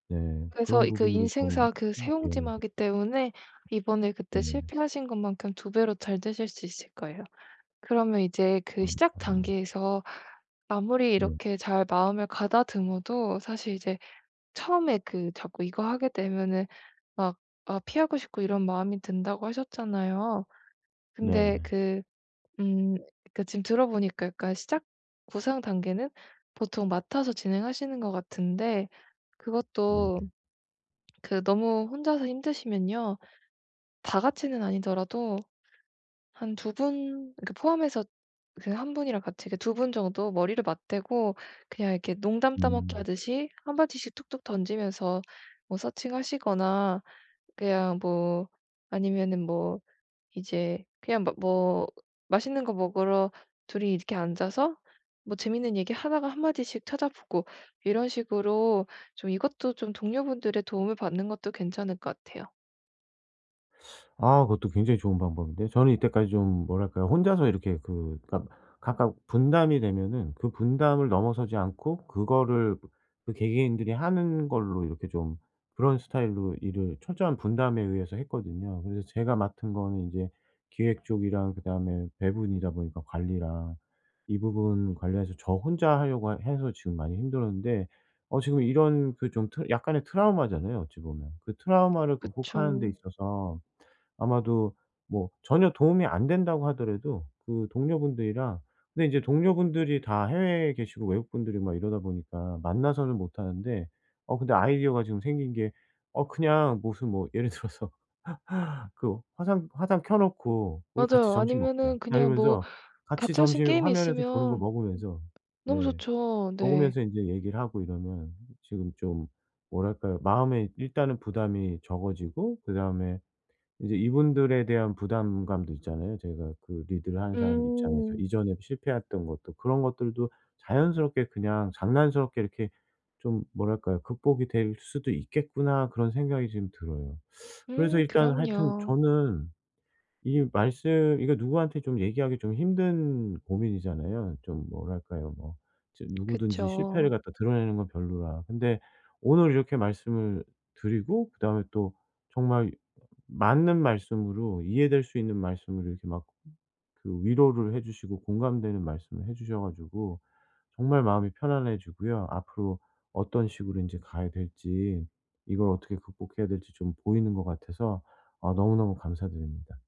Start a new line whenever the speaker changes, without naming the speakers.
네.
그래서
그런
그
부분으로 좀
인생사 그
음 예.
새옹지마기 때문에 이번에 그때
네.
실패하신 것만큼 2 배로 잘되실 수 있을 거예요. 그러면 이제
아
그 시작
아니요.
단계에서 아무리
네.
이렇게 잘 마음을 가다듬어도 사실 이제 처음에 그 자꾸 이거 하게 되면은 막 아 피하고 싶고 이런 마음이 든다고 하셨잖아요? 근데
네네.
그 음 그러니까 지금 들어 보니까 그러니까 시작 구상 단계는 보통 맡아서 진행하시는 것 같은데 그것도
네.
그 너무 혼자서 힘드시면요 다 같이는 아니더라도 한 두 분 이렇게 포함해서 그 1 분이랑 같이 이렇게 두 분 정도 머리를 맞대고 그냥 이렇게 농담따먹기
음.
하듯이 1 마디씩 툭툭 던지면서 뭐 서칭하시거나 그냥 뭐 아니면은 뭐 이제 그냥 막 뭐 맛있는 거 먹으러 둘이 이렇게 앉아서 뭐 재밌는 얘기 하다가 1 마디씩 찾아보고 이런 식으로 좀 이것도 좀 동료분들의 도움을 받는 것도 괜찮을 것 같아요.
아 그것도 굉장히 좋은 방법인데 저는 이때까지 좀 뭐랄까요? 혼자서 이렇게 그 그러니까 각각 분담이 되면은 그 분담을 넘어서지 않고 그거를 그 개개인들이 하는 걸로 이렇게 좀 그런 스타일로 일을 철저한 분담에 의해서 했거든요. 그래서 제가 맡은 거는 이제 기획 쪽이랑 그다음에 배분이다 보니까 관리랑 이 부분 관리해서 저 혼자 하려고 하 해서 지금 많이 힘들었는데 어 지금 이런 그 좀 트 약간의 트라우마잖아요 어찌 보면. 그 트라우마를
그쵸.
극복하는 데 있어서 아마도 뭐 전혀 도움이 안 된다고 하더라도 그 동료분들이랑 근데 인제 동료분들이 다 해외에 계시고 외국 분들이고 막 이러다 보니까 만나서는 못하는데 어 근데 아이디어가 지금 생긴 게 어 그냥 무슨 뭐 예를 들어서 그 화상 화상 켜 놓고 "우리 같이
맞아요.
점심 먹자."
아니면은
막
그냥 뭐
이러면서 같이
같이 할 수 있는
점심
게임이
화면에서 보는 거
있으면 음
먹으면서
너무
네.
좋죠. 네.
먹으면서 인제 얘기를 하고 이러면 지금 좀 뭐랄까요? 마음에 일단은 부담이 적어지고 그다음에 이제 이분들에 대한 부담감도 있잖아요 제가. 그 리드를 하는 사람 입장에서
음.
이전에 실패했던 것들 그런 것들도 자연스럽게 그냥 장난스럽게 이렇게 좀 뭐랄까요? '극복이 될 수도 있겠구나.' 그런 생각이 지금 들어요. 그래서
음
일단 하여튼
그럼요.
저는 이 말씀 이거 누구한테 좀 얘기하기 좀 힘든 고민이잖아요. 좀 뭐랄까요? 뭐 이제 누구든지
그쵸.
실패를 갖다 드러내는 건 별로라. 근데 오늘 이렇게 말씀을 드리고 그다음에 또 정말 맞는 말씀으로 이해될 수 있는 말씀으로 이렇게 막 그 위로를 해 주시고 공감되는 말씀을 해 주셔 가지고 정말 마음이 편안해지고요 앞으로 어떤 식으로 인제 가야 될지 이걸 어떻게 극복해야 될지 좀 보이는 것 같아서 아 너무너무 감사드립니다.